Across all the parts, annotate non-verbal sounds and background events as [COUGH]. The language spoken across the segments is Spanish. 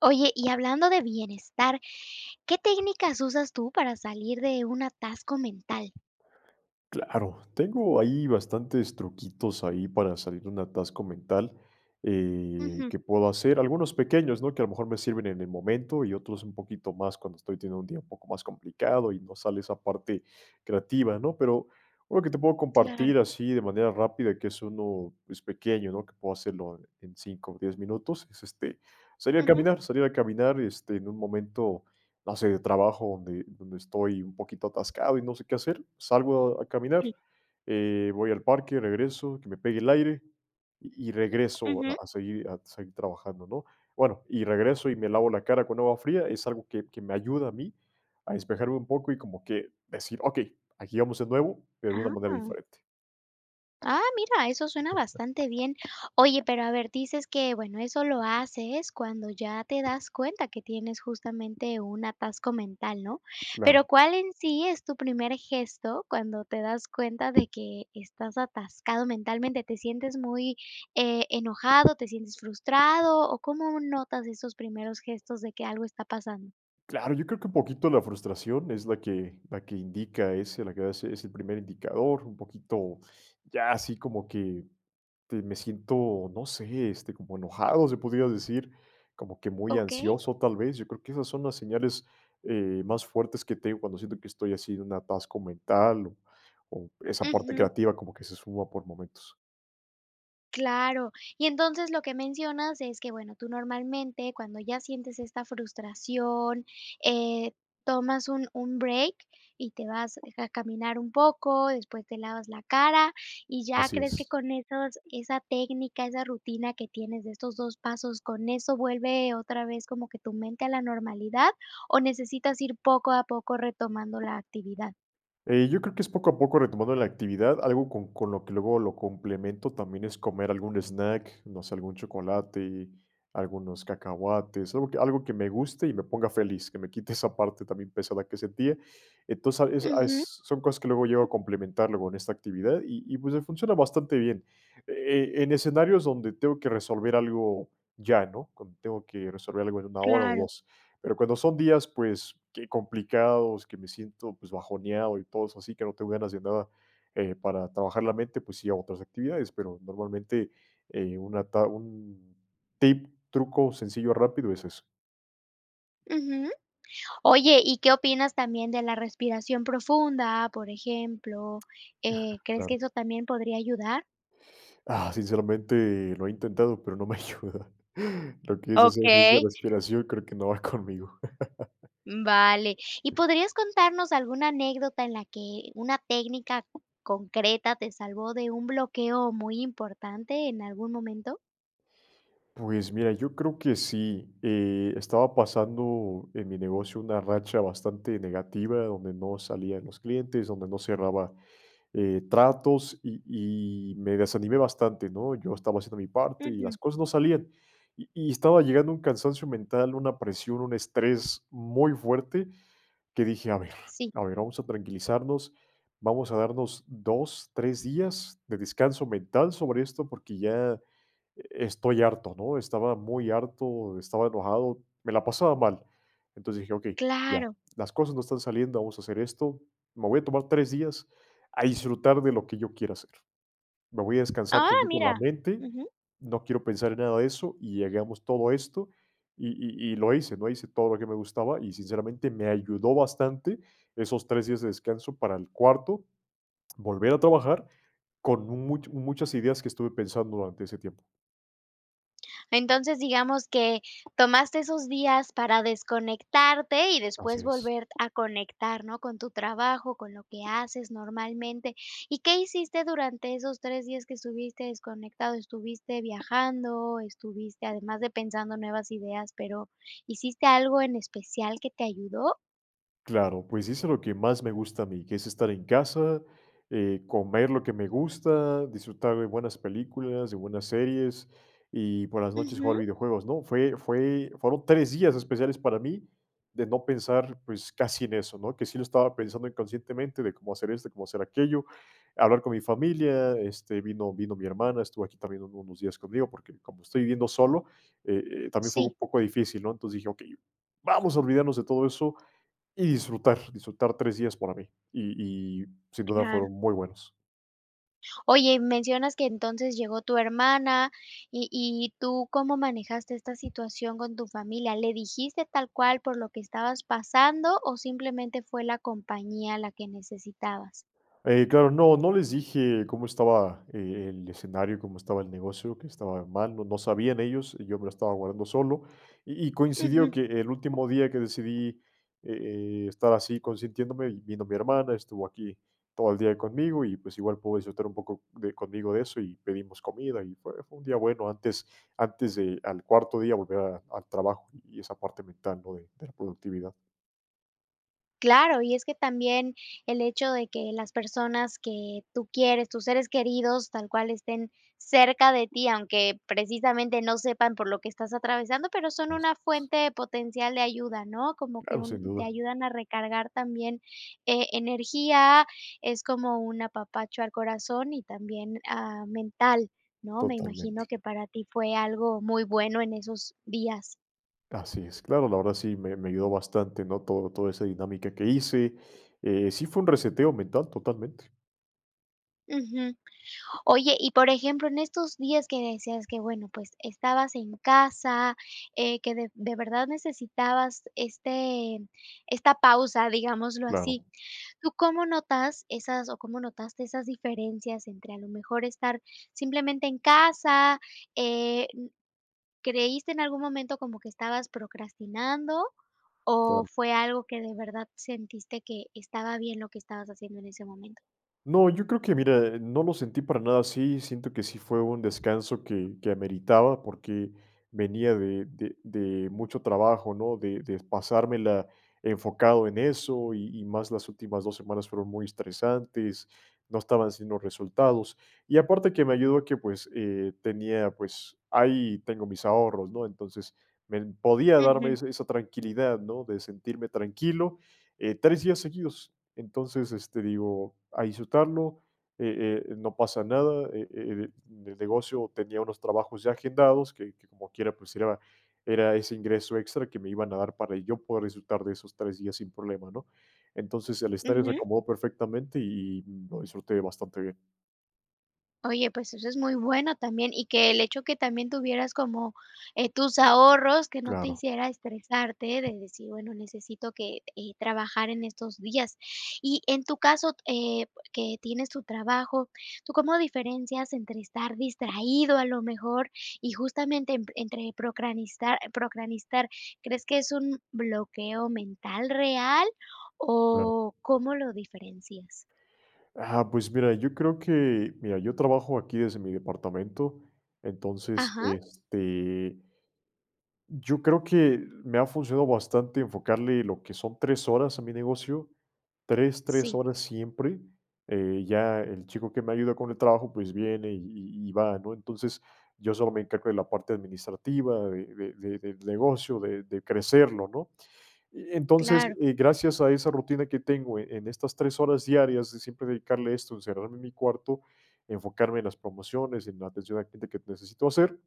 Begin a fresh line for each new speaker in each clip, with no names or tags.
Oye, y hablando de bienestar, ¿qué técnicas usas tú para salir de un atasco mental?
Claro, tengo ahí bastantes truquitos, ahí para salir de un atasco mental, eh,
Ujú.
que puedo hacer, algunos pequeños, ¿no? Que a lo mejor me sirven en el momento, y otros un poquito más cuando estoy teniendo un día un poco más complicado y no sale esa parte creativa, ¿no? Pero, algo que te puedo
Claro.
compartir así de manera rápida, que es uno, es pequeño ¿no? Que puedo hacerlo en 5 o 10 minutos, es este, salir a
Ujú.
caminar, salir a caminar, este, en un momento base de trabajo donde donde estoy un poquito atascado y no sé, qué hacer, salgo a
Sí.
caminar, eh, voy al parque, regreso, que me pegue el aire y regreso
Ujú.
a seguir a seguir trabajando, ¿no? Bueno y regreso, y me lavo la cara con agua fría, es algo que que me ayuda a mí a despejarme un poco y como que decir, okey, aquí vamos de nuevo, pero de una manera
Ah.
diferente.
Ah, mira, eso suena bastante bien. Oye, pero a ver dices que, bueno, eso lo haces cuando ya te das cuenta que tienes justamente un atasco mental, ¿no? Pero,
Claro.
¿cuál en sí es tu primer gesto cuando te das cuenta de que estás atascado mentalmente, te sientes muy, eh, enojado, te sientes frustrado? O, ¿cómo notas esos primeros gestos de que algo está pasando?
Claro, yo creo que poquito la frustración, es la que la que indica ese, la que va a ser es el primer indicador, un poquito, ya así como que, te me siento, no sé, este, como enojado se podría decir, como que muy
Okey.
ansioso tal vez. Yo creo, que esas son las señales, eh, más fuertes que te digo cuando siento que estoy así de un atasco mental, o o esa parte
Ujú.
creativa como que se esfuma por momentos.
Claro, y entonces, lo que mencionas es que, bueno, tú normalmente, cuando ya sientes esta frustración, eh, tomas un un break y te vas a caminar un poco, después te lavas la cara, y ya
Así
crees que
es.
con esos esa técnica, esa rutina que tienes de estos 2, pasos, con eso vuelve otra vez, como que tu mente a la normalidad, o necesitas ir poco a poco retomando la actividad?
Eh, yo creo que es poco a poco retomando la actividad, algo con con lo que luego lo complemento, también, es comer algún snack, no sé, algún chocolate, algunos cacahuates, algo que algo que me guste y me ponga feliz, que me quite esa parte [CHUCKLES] también, pesada que sentía. Entonces, a eso
Ujú.
eso son cosas que luego llego a complementar luego en esta actividad y y, pues, me funciona bastante bien. Eh, en escenarios donde tengo que resolver algo ya, ¿no? Cuando tengo que resolver algo en 1, hora o
Claro.
2, pero, cuando son días, pues, que complicados, que me siento, pues, bajoneado y todo eso así, que no tengo ganas de nada, eh, para trabajar la mente, pues, sí hago otras actividades. Pero, normalmente, eh, una ta un tip, truco sencillo rápido es eso.
Ujú. Oye, ¿y qué opinas también, de la respiración profunda, por ejemplo? Eh,
[CHUCKLES]
¿crees que
Claro.
eso también podría ayudar?
Ah, sinceramente lo he intentado, pero, no me ayuda. [CHUCKLES] Lo que es hacer ejercicios
Okey.
de respiración, creo que no va conmigo.
Mm, vale, ¿y podrías contarnos alguna anécdota en la que una técnica concreta te salvó de un bloqueo muy importante en algún momento?
Pues, mira, yo creo que sí. Eh, estaba pasando en mi negocio una racha bastante negativa, donde no salían los clientes, donde no cerraba, eh, tratos, y y me desanimé bastante, ¿no? Yo estaba haciendo mi parte y
Ujú.
las cosas no salían. Y y estaba llegando a un cansancio mental, una presión, un estrés muy fuerte, que dije: "A ver,
Sí.
a ver, vamos a tranquilizarnos, vamos a darnos 2, 3 días de descanso mental sobre esto, porque, ya, eh, estoy harto", ¿no? Estaba muy harto, estaba enojado, me la pasaba mal. Entonces, dije: "Okey, ya,
Claro.
las cosas no están saliendo, vamos a hacer esto. Me voy a tomar 3, días a disfrutar de lo que yo quiera hacer. Me voy a descansar
¡Ah,
tantito en la
mira!
mente,
Ujú.
no quiero pensar en nada de eso, y hagamos todo esto", y y y lo hice, ¿no? Hice todo lo que me gustaba, y sinceramente me ayudó bastante esos 3, días de descanso para el cuarto, volver a trabajar con un much muchas ideas, que estuve pensando durante ese tiempo.
Entonces, digamos que tomaste esos días para desconectarte y
Así
después
es.
volver a conectar, ¿no? Con tu trabajo, con lo que haces normalmente, ¿y qué hiciste durante esos 3, días que estuviste desconectado? ¿Estuviste viajando, estuviste además de pensando nuevas ideas, pero, hiciste algo en especial que te ayudó?
Claro, pues, hice lo que más me gusta a mí, que es estar en casa, eh, comer lo que me gusta, disfrutar de buenas películas, de buenas series, y por las noches jugar
Ujú.
videojuegos, ¿no? Fue fue fueron 3, días especiales para mí, de no pensar, pues, casi en eso, ¿no? Que sí lo estaba pensando inconscientemente, de cómo hacer esto, de cómo hacer aquello, hablar con mi familia. Este, vino vino mi hermana, estuvo aquí también uno, unos días conmigo, porque, como estoy viviendo solo, eh eh, también, fue u un
Sí.
poco difícil, ¿no? Entonces dije: "Okey, vamos a olvidarnos de todo eso y disfrutar disfrutar 3, días para mí". Y y sin duda
Claro.
fueron muy buenos.
Oye, mencionas que entonces llegó tu hermana y y tú, ¿cómo manejaste esta situación con tu familia? ¿Le dijiste tal cual por lo que estabas pasando, o simplemente fue la compañía la que necesitabas?
Eh, claro, no no les dije cómo estaba, eh, el escenario, cómo estaba el negocio, qué estaba mal, no no sabían ellos, y yo me lo estaba guardando solo, y y coincidió
Ujú.
que el último día que decidí, eh eh, estar así consintiéndome, vino mi hermana, estuvo aquí todo el día conmigo, y pues, igual pudo disfrutar un poco de conmigo de eso, y pedimos comida, y fue fue un día bueno, antes antes de al cuarto día volver a al trabajo y esa parte mental, ¿no? De de la productividad.
Claro, y es que también el hecho de que las personas que tú quieres, tus seres queridos, tal cual, estén cerca de ti, aunque precisamente, no sepan por lo que estás atravesando, pero, son una
[UNINTELLIGIBLE]
fuente potencial de ayuda, ¿no?, como que
Claro, sin
un te
duda.
ayudan a recargar también, e energía, es como un apapacho al corazón y también, ah, mental, ¿no?, me
Totalmente.
imagino que para ti fue algo muy bueno en esos días.
Así es, claro, la verdad sí me me ayudó bastante, ¿no?, todo toda esa dinámica que hice. Eh, sí fue un reseteo mental totalmente.
Ujú. Oye, y por ejemplo, en estos días que decías que, bueno, pues, estabas en casa, eh, que de de verdad necesitabas este esta pausa, digámoslo así,
Claro.
¿tú cómo notas esas, o cómo notaste esas diferencias entre, a lo mejor, estar simplemente en casa?, eh, n, ¿creíste en algún momento como que estabas procrastinando, o
Claro.
fue algo que de verdad, sentiste que estaba bien lo que estabas haciendo en ese momento?
No, yo creo que, mira, no lo sentí para nada así, siento que sí fue un descanso que que ameritaba porque venía de de de mucho trabajo, ¿no?, de de pasármela enfocado en eso y y más las últimas 2 semanas fueron muy estresantes, no estaba haciendo resultados. Y aparte que me ayudó a que, pues, eh, tenía, pues, ahí tengo mis ahorros, ¿no?, entonces, me podía darme
Ujú.
esa esa tranquilidad, ¿no?, de sentirme tranquilo, eh, 3 días seguidos. Entonces, este, digo: "A disfrutarlo, eh eh, no pasa nada". Eh eh, el el negocio tenía unos trabajos ya agendados, que que como quiera, pues, era era ese ingreso extra, que me iban a dar para yo poder disfrutar de esos 3 días sin problema, ¿no?, entonces, el estar en
Ujú.
reacomodo perfectamente, y y lo disfruté bastante bien.
Oye, pues, eso es muy bueno también, y que el hecho que también tuvieras como, eh, tus ahorros, que no te
Claro.
hiciera estresarte, de decir: "Bueno necesito que, eh, trabajar en estos días", ¿y en tu caso, eh, que tienes tu trabajo, tú cómo diferencias entre estar distraído a lo mejor? Y justamente en entre procastinar, ¿crees que es un bloqueo mental real,
Claro.
o cómo lo diferencias?
Ah, pues mira, yo creo que, mira, yo trabajo aquí desde mi departamento, entonces
Ajá.
este yo creo que, me ha funcionado bastante enfocarle lo que son 3, horas a mi negocio, 3, 3,
Sí.
horas siempre, eh, ya el chico que me ayuda con el trabajo, pues, viene y y y va ¿no? Entonces, yo solo me encargo de la parte administrativa, de de del negocio, de de crecerlo ¿no? Eh, entonces
Claro.
y gracias a esa rutina que tengo, eh, en estas 3, horas diarias, de siempre dedicarle esto, encerrarme en mi cuarto, enfocarme en las promociones, en la atención a la gente que necesito hacer.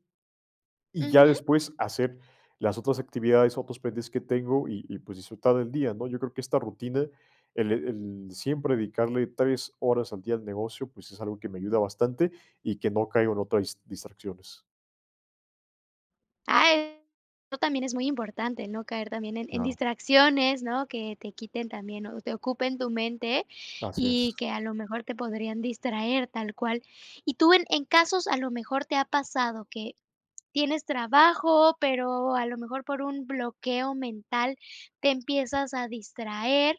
Y ya
Ujú.
después hacer las otras actividades, otros pendientes que tengo, y y, pues, disfrutar del día, ¿no? Yo creo que esta rutina, el el siempre dedicarle 3, horas al día al negocio, pues, es algo que me ayuda bastante y que no caigo en otras dis distracciones.
Ah, eso también es muy importante, no caer también en en
Claro.
distracciones, ¿no?, que te quiten también, o te ocupen tu mente
Así es.
y que a lo mejor te podrían distraer tal cual. Y tú, en en casos a lo mejor te ha pasado que tienes trabajo, pero, a lo mejor por un bloqueo mental te empiezas a distraer,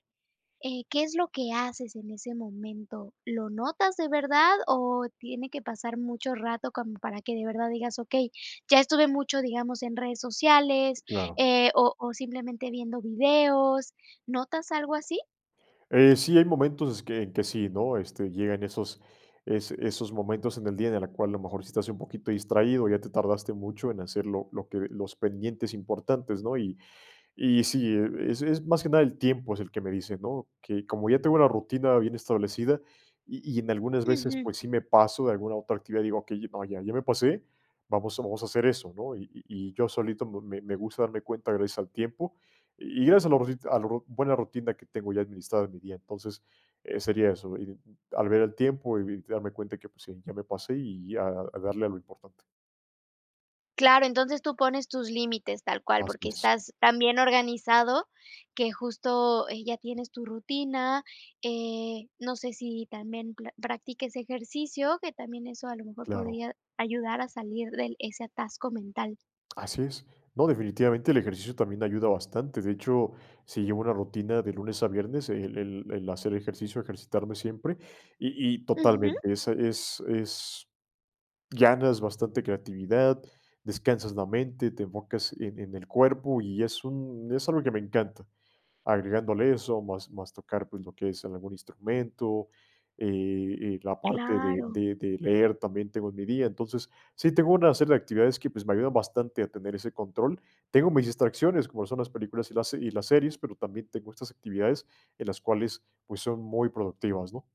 eh, ¿qué es lo que haces en ese momento? ¿Lo notas de verdad? O tiene que pasar mucho rato como para que de verdad digas: "Okey, ya estuve mucho digamos, en redes sociales,
Claro.
eh, o o simplemente viendo videos", ¿notas algo así?
Eh sí, hay momentos es que en que sí, ¿no?, este, llegan esos es esos momentos en el día de la cual, a lo mejor, si estás un poquito distraído, o ya te tardaste mucho en hacer lo lo que los pendientes importantes, ¿no?, y y sí, eh, es es más que nada el tiempo, es el que me dice, ¿no?, que como ya tengo una rutina bien establecida, y y en algunas veces,
Ujú.
pues, sí me paso de alguna otra actividad, digo: "Okey, ah, ya ya me pasé, vamos vamos a hacer eso, ¿no?". Y y yo solito me me gusta darme cuenta gracias al tiempo. Y gracias a los rosit a lo ro buena rutina que tengo ya administrada en mi día. Entonces, eh, sería eso, y y al ver el tiempo y darme cuenta que pues, sí, ya me pasé y y a darle a lo importante.
Claro, entonces, tú pones tus límites tal cual,
Así
porque,
es.
estás tan bien organizado, que justo, eh, ya tienes tu rutina, eh, no sé, si también pla practiques ejercicio, que también eso a lo mejor
Claro.
podría ayudar a salir del ese atasco mental.
Así es. No, definitivamente, el ejercicio también ayuda bastante, de hecho, sí llevo una rutina de lunes a viernes, el el el hacer ejercicio, ejercitarme siempre, y y
Ujú.
totalmente, esa es es ganas bastante creatividad, descansas la mente, te enfocas en en el cuerpo, y es un es algo que me encanta, agregándole eso, más más tocar, pues, lo que es algún instrumento, eh eh, la parte de
Claro.
de de leer también tengo en mi día. Entonces, sí tengo una serie de actividades que, pues, me ayudan bastante a tener ese control. Tengo mis distracciones, como son las películas y las se y las series, pero, también tengo estas actividades en las cuales, pues, son muy productivas, ¿no?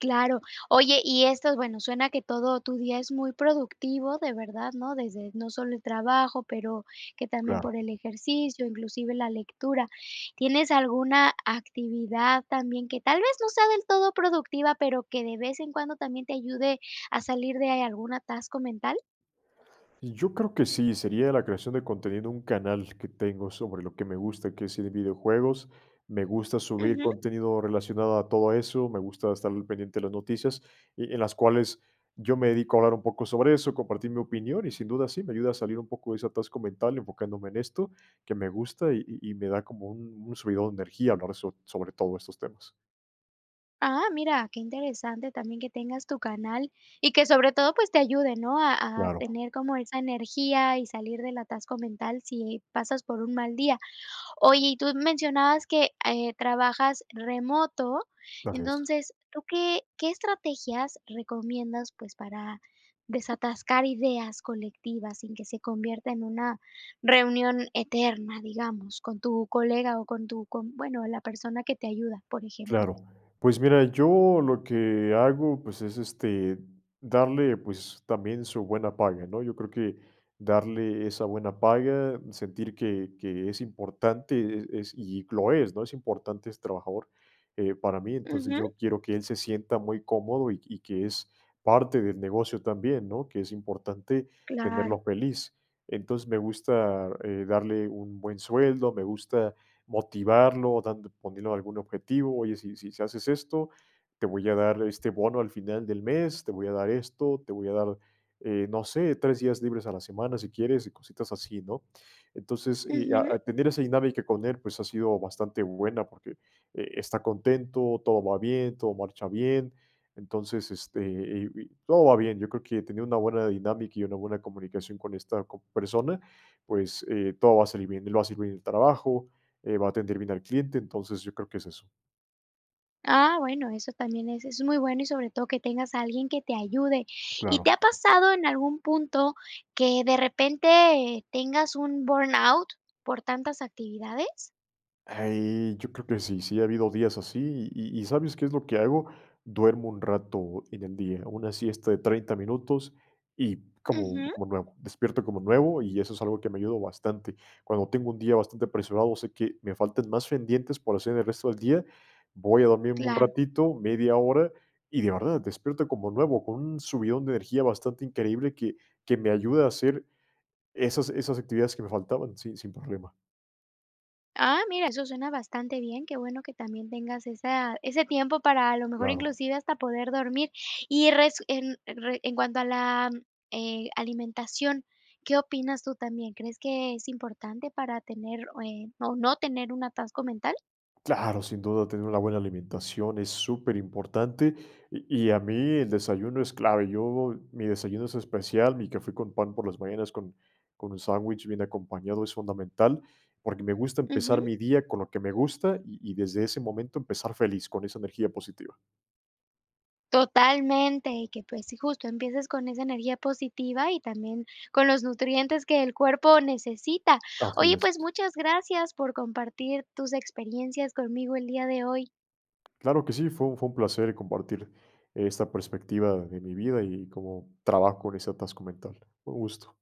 Claro. Oye, y esto, bueno, suena que todo tu día es muy productivo, de verdad, ¿no? Desde, no solo el trabajo, pero, que también por
Claro.
el ejercicio, inclusive la lectura, ¿tienes alguna actividad también que tal vez, no sea del todo productiva, pero, que de vez en cuando también te ayude a salir de algún atasco mental?
Y yo creo que sí, sería la creación de contenido un canal que tengo sobre lo que me gusta, que es de videojuegos, me gusta subir
Ujú.
contenido relacionado a todo eso, me gusta estar al pendiente de las noticias, y en las cuales yo me dedico a hablar un poco sobre eso, compartir mi opinión, y sin duda sí me ayuda a salir un poco de ese atasco mental, enfocándome en esto, que me gusta, y y y me da como un un subidón de energía hablar so sobre todo estos temas.
Ah, mira, qué interesante también que tengas tu canal, y que sobre todo, pues, te ayude, ¿no? A a
Claro.
tener como esa energía y salir del atasco mental, si pasas por un mal día. Oye, y tú mencionabas que, eh, trabajas remoto,
Así es.
entonces, ¿tú qué qué estrategias recomiendas, pues, para desatascar ideas colectivas, sin que se convierta en una reunión eterna, digamos, con tu colega o con tu con, bueno, la persona que te ayuda, por ejemplo?
Claro. Pues mira, yo lo que hago, pues, es este darle pues, también su buena paga, ¿no? Yo creo que darle esa buena paga, sentir que que es importante, e es y lo es, ¿no? Es importante, ese trabajador, eh, para mí. Entonces,
Ujú.
yo quiero que él se sienta muy cómodo y y que es parte del negocio también, ¿no? Que es importante
Claro.
tenerlo feliz. Entonces, me gusta, eh, darle, un buen sueldo, me gusta motivarlo, dando poniendo algún objetivo, oye, si si haces esto, te voy a dar este bono al final del mes, te voy a dar esto, te voy a dar, eh, no sé, 3 días libres a la semana, si quieres, y cositas así, ¿no? Entonces, y, a
Ujú.
a tener esa dinámica con él, pues ha sido bastante buena, porque, eh, está contento, todo va bien, todo marcha bien. Entonces, este, eh, y todo va bien. Yo creo que tener una buena dinámica y una buena comunicación con esta, co persona, pues, eh, todo va a salir bien, él va a hacer bien el trabajo, eh, va a atender bien al cliente, entonces, yo creo que es eso.
Ah, bueno, eso también es es muy bueno y sobre todo que tengas a alguien que te ayude. ¿Y te
Claro.
ha pasado en algún punto que de repente tengas un burnout por tantas actividades?
Ahí, yo creo que sí, sí ha habido días así y y ¿sabes qué es lo que hago? Duermo un rato en el día, hago una siesta de 30 minutos, y como
Ujú.
como nuevo, despierto como nuevo, y eso es algo que me ha ayudado bastante. Cuando tengo un día bastante apresurado, sé que me faltan más pendientes por hacer el resto del día, voy a dormirme un
Claro.
ratito, media hora, y de verdad, despierto como nuevo, con un subidón de energía bastante increíble que que me ayuda a hacer esas esas actividades que me faltaban, sin sin problema.
Ah, mira, eso suena bastante bien, qué bueno que también tengas esa ese tiempo para, a lo mejor,
Claro.
inclusive hasta poder dormir. Y resu en re en cuanto a la, eh, alimentación, ¿qué opinas tú también? ¿Crees que es importante para tener, o eh, o no tener un atasco mental?
Claro, sin duda tener una buena alimentación es superimportante, y y a mí el desayuno es clave. Yo, mi desayuno es especial, mi café con pan por las mañanas con con un sándwich bien acompañado, es fundamental, porque me gusta empezar
Ujú.
mi día con lo que me gusta -y y desde ese momento empezar feliz con esa energía positiva.
Totalmente, y que, pues, sí, justo empieces con esa energía positiva y también con los nutrientes que el cuerpo necesita.
Así
Oye, pues
es.
muchas gracias por compartir tus experiencias conmigo el día de hoy.
Claro que sí, fue un fue un placer compartir esta perspectiva de mi vida y cómo trabajo con ese atasco mental. Un gusto.